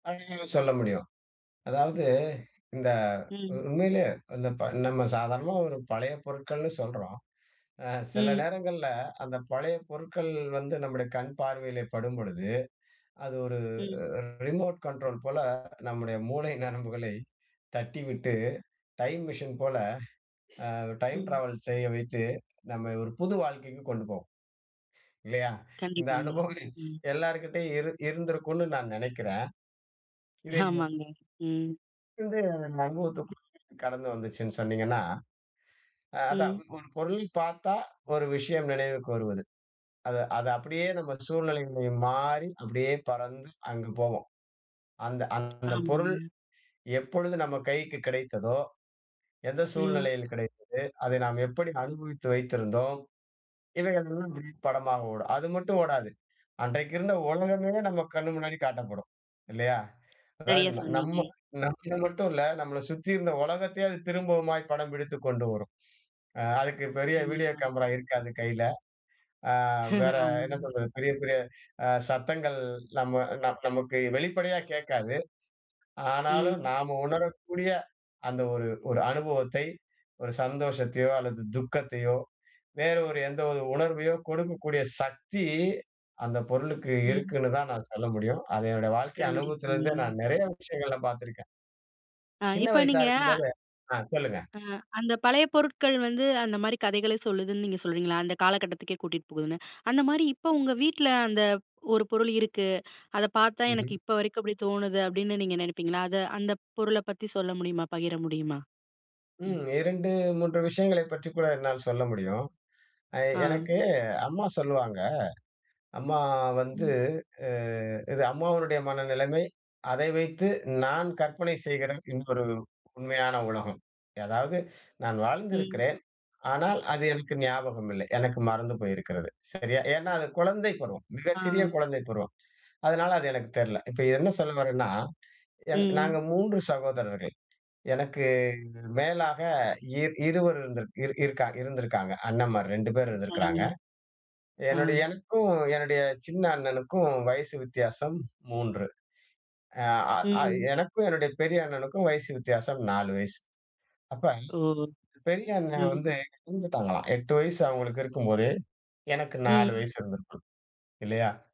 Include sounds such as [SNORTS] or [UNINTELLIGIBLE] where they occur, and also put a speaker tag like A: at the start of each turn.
A: [UNINTELLIGIBLE] சொல்ல முடியும். அதாவது இந்த
B: ம்.
A: உண்மையிலயே இந்த நம்ம சாதாரணமா ஒரு பழைய பொருட்கள்னு சொல்றோம். அ சில
B: ம்.
A: நேரங்கள்ல அந்த பழைய பொருட்கள் வந்து நம்முடைய கண் பார்வையில் படும்பொழுது, அது ஒரு
B: ம்.
A: ரிமோட் கண்ட்ரோல் போல நம்முடைய மூளை நரம்புகளை தட்டிவிட்டு, டைம் மிஷின் போல டைம்
B: ம்.
A: ட்ராவல் செய்ய வைத்து, நம்மை ஒரு புது வாழ்க்கைக்கு கொண்டு போகும். இல்லையா? இந்த
B: கண்டிப்பாங்க,
A: அனுபவம் [SNORTS]
B: ம்.
A: எல்லார்கிட்டயும் இரு இருந்திருக்கும்ன்னு நான் நெனைக்கிறேன். இதை,
B: ஆமாங்க. ம்.
A: [UNINTELLIGIBLE] கடந்து வந்துச்சுன்னு சொன்னீங்கன்னா, அதான்
B: ம்.
A: ஒரு பொருளை பார்த்தா ஒரு விஷயம் நினைவுக்கு வருவது. அதை அதை அப்படியே நம்ம சூழ்நிலை மாறி அப்படியே பறந்து அங்கு போவோம். அந்த அந்த பொருள்
B: ஆமாங்க.
A: எப்பொழுது நம்ம கைக்கு கிடைத்ததோ, எந்த
B: ம்.
A: சூழ்நிலையில் கிடைத்தது? அதை நாம் எப்படி அனுபவித்து வைத்திருந்தோம்? இவைகள் எல்லாம் இப்ப படமா ஓடும். அது மட்டும் ஓடாது அன்றைக்கு இருந்த ஓலகமே நம்ம கண்ணு முன்னாடி காட்டப்படும். இல்லையா? அதாவது
B: சரியா சொன்னீங்க.
A: நம்ம நம்ம மட்டும் இல்ல, நம்மள சுற்றி இருந்த உலகத்தையே அது திரும்பவுமா படம் பிடித்துக் கொண்டு வரும். அதுக்கு பெரிய வீடியோ
B: கண்டிப்பா.
A: கேமரா இருக்காது கையில. ஆ வேற
B: [CHUCKLES]
A: என்ன
B: ஆமா.
A: சொல்றது, பெரிய பெரிய சத்தங்கள் நம்ம நம் நமக்கு வெளிப்படையா கேட்காது. ஆனாலும்
B: ம்.
A: நாம உணரக்கூடிய அந்த ஒரு ஒரு அனுபவத்தை, ஒரு சந்தோஷத்தையோ அல்லது துக்கத்தையோ வேறு ஒரு எந்த ஒரு உணர்வையோ கொடுக்கக்கூடிய சக்தி அந்த பொருளுக்கு
B: ம்.
A: இருக்குன்னு தான் நான் சொல்ல முடியும். அது என்னுடைய வாழ்க்கை
B: கண்டிப்பாங்க.
A: அனுபவத்திலேருந்தே நான் நெறைய விஷயங்கள்ல பார்த்துருக்கேன்.
B: ஆ
A: சின்ன
B: இப்போ
A: வயசா
B: நீங்க
A: இருக்கும்போது ஆ சொல்லுங்க.
B: ஆ அந்த பழைய பொருட்கள் வந்து அந்த மாரி கதைகளை சொல்லுதுன்னு நீங்க சொல்றீங்களா? அந்த காலகட்டத்துக்கே கூட்டிட்டு போகுதுன்னு. அந்த மாரி இப்போ உங்க வீட்ல அந்த ஒரு பொருள் இருக்கு. அத பார்த்தா எனக்கு
A: ம்ஹ்ம்.
B: இப்போ வரைக்கும் அப்படி தோணுது அப்படின்னு நீங்க நினைப்பீங்களா? அத அந்த பொருள பத்தி சொல்ல முடியுமா பகிர முடியுமா? ம்.
A: ம். 2, 3 விஷயங்களை பற்றி கூட என்னால் சொல்ல முடியும். அ
B: ஆ.
A: எனக்கு அம்மா சொல்வாங்க. அம்மா வந்து
B: ம்.
A: அ இது அம்மாவினுடைய மனநிலைமை, அதை வைத்து நான் கற்பனை செய்கிற இன்னொரு உண்மையான உலகம். அதாவது நான்
B: ம்.
A: வாழ்ந்திருக்கிறேன். ஆனால் அது எனக்கு ஞாபகம் இல்லை. எனக்கு மறந்து போயிருக்கிறது. சரியா? ஏன்னா அது குழந்தை பருவம். மிக சிறிய
B: ஆ.
A: குழந்தை பருவம். அதனால அது எனக்குத் தெர்ல. இப்போத என்ன சொல்ல வர்றேன்னா,
B: ம்.
A: நாங்க 3 சகோதரர்கள். எனக்கு மேலாக இர் இருவர் இருந் இருந்திருக்கிறாங்க. அண்ணன்மார் 2 பேர்
B: சரிங்க.
A: இருந்திருக்கிறார்கள்.
B: ஆ.
A: என்னுடைய எனக்கும் என்னுடைய சின்ன அண்ணனுக்கும் வயசு வித்தியாசம் 3 ஆ ஆ
B: ம்.
A: எனக்கும் என்னுடைய பெரிய அண்ணனுக்கும் வயசு வித்தியாசம் 4 வயசு. அப்போ
B: ஓ.
A: பெரிய அண்ணன்
B: ம்.
A: வந்து இறந்துட்டாங்களாம், 8 வயசு அவங்களுக்கு இருக்கும்போது எனக்கு 4
B: ம்.
A: வயசு இருந்திருக்கும் இல்லையா?